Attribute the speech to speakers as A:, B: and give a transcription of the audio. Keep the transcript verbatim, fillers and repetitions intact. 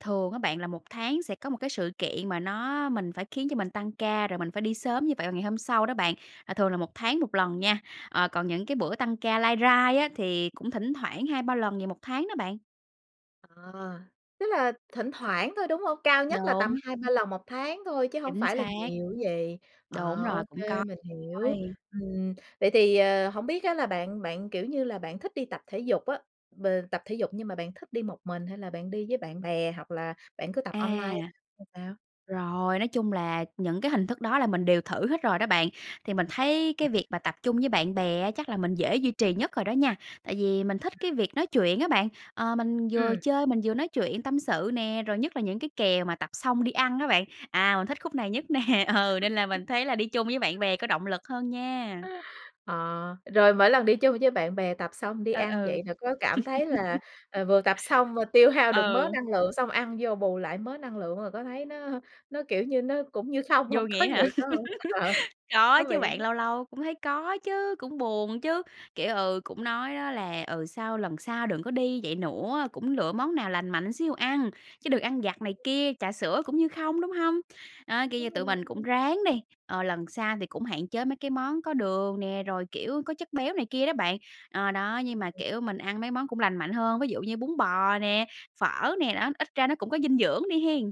A: Thường á bạn là một tháng sẽ có một cái sự kiện mà nó mình phải khiến cho mình tăng ca, rồi mình phải đi sớm như vậy vào ngày hôm sau đó bạn, là thường là một tháng một lần nha, ờ, còn những cái bữa tăng ca lai rai á thì cũng thỉnh thoảng hai ba lần gì một tháng đó bạn.
B: À, tức là thỉnh thoảng thôi, đúng hông? Cao nhất là tầm
A: Đúng.
B: hai ba lần một tháng thôi chứ hổng
A: Chính
B: phải là
A: xác.
B: nhiều chứ gì?
A: Đúng
B: Ờ,
A: rồi,
B: ô
A: cũng
B: kê,
A: có
B: mình hiểu.
A: quay.
B: Ừm, vậy thì, ờ, hổng biết á là bạn bạn, kiểu như là, bạn thích đi tập thể dục á, b tập thể dục nhưng mà bạn thích đi một mình hay là bạn đi với bạn bè hoặc là bạn cứ tập
A: À.
B: online hay sao?
A: Rồi, nói chung là những cái hình
B: Ừm.
A: thức đó là mình đều thử hết rồi đó bạn, thì mình thấy cái việc mà tập chung với bạn bè á chắc là mình dễ duy trì nhất rồi đó nha. Tại vì mình
B: Ừm.
A: thích cái việc nói chuyện á bạn, ờ, mình vừa
B: Ừm.
A: chơi mình vừa nói chuyện tâm sự nè, rồi nhất là những cái kèo mà tập xong đi ăn á bạn, à, mình thích khúc này nhất nè ừ, nên là mình thấy là đi chung với bạn bè có động lực hơn nha.
B: Ờ, rồi mỗi lần đi chung với bạn bè tập xong đi
A: Ừ,
B: ăn
A: ừ.
B: vậy thì có cảm thấy là, ờ, vừa tập xong, ơ, tiêu hao được mớ
A: Ừ.
B: năng lượng xong ăn vô bù lại mớ năng lượng rồi có thấy nó nó, kiểu, như nó cũng như không
A: Vô
B: hông? Có
A: nghĩa hả?
B: vậy phải không? Ờ,
A: Có
B: thú vị
A: chứ
B: ấy
A: bạn,
B: chứ.
A: lâu lâu cũng thấy có chứ, cũng buồn chứ, kiểu, ừ, cũng nói nó là, ừ, sau lần sau đừng có đi vậy nữa, cũng lựa món nào lành mạnh xíu ăn, chứ đừng ăn vặt này kia, trà sữa cũng như không, đúng hông? Đó, kiểu như,
B: Đúng
A: tụi mình cũng
B: rồi.
A: ráng đi, ờ, lần sau thì cũng hạn chế mấy cái món có đường nè, rồi, kiểu, có chất béo này kia đó bạn, ờ, đó, nhưng
B: Ừm,
A: mà,
B: ừm.
A: kiểu, mình ăn mấy món cũng lành mạnh hơn, ví dụ như bún bò nè, phở nè, đó, ít ra nó cũng có dinh dưỡng đi hen.